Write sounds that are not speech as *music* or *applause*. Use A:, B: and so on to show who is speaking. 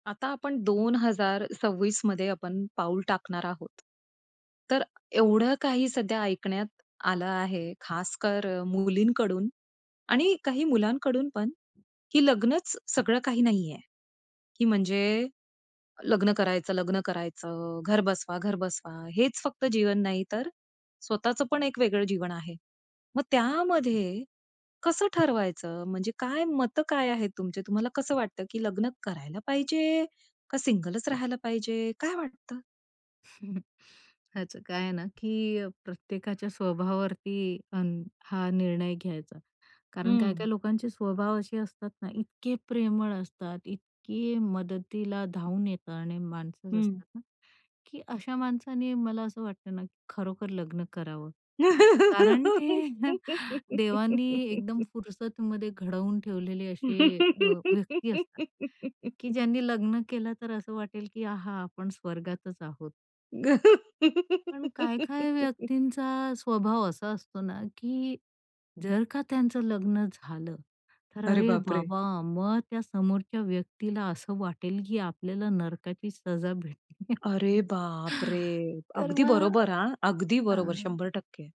A: आता आपण 2026 मध्ये आपण पाऊल टाकणार आहोत. तर एवढं काही सध्या ऐकण्यात आलं आहे, खासकर मुलींकडून आणि काही मुलांकडून पण, की लग्नच सगळं काही नाहीये, की म्हणजे लग्न करायचं, लग्न करायचं. घर बसवा, घर बसवा हेच फक्त जीवन नाही. तर स्वतःच पण एक वेगळं जीवन आहे. मग त्यामध्ये कसं ठरवायचं? म्हणजे काय मतं काय आहेत तुमचे? तुम्हाला कसं वाटतं, की लग्न करायला पाहिजे का सिंगलच राहायला पाहिजे, काय वाटतं?
B: *chuckles* त्याचं काय आहे ना, की अ, प्रत्येकाच्या स्वभावावरती हा निर्णय घ्यायचा. कारण काही-काही
A: हं.
B: लोकांचे स्वभाव असे असतात ना इतके प्रेमळ असतात. इतके मदतीला धावून येतं आणि माणसं
A: हं.
B: असतात, ना की अशा माणसाने मला असं वाटतं ना, की खरोखर लग्न करावं. कारण ते *chuckles* देवानी एकदम
A: *laughs*
B: फुरसतमध्ये घडवून ठेवलेले असे अ, व्यक्ती असतात, की
A: *laughs*
B: ज्यांनी लग्न केलं तर असं वाटेल, की आहा! आपण स्वर्गातच आहोत. पण काही-काही
A: *laughs*
B: व्यक्तींचा स्वभाव असा असतो ना, की जर का त्यांचं लग्न झालं, तर
A: अरे
B: अरे
A: बापरे!
B: बाबा! मग त्या समोरच्या व्यक्तीला असं वाटेल, की आपल्याला नरकाची सजा भेटेलीय.
A: अरे बापरे!
B: *chuckles* तर
A: अगदी
B: मग
A: बरोबर हां. अगदी बरोबर
B: हं.
A: 100%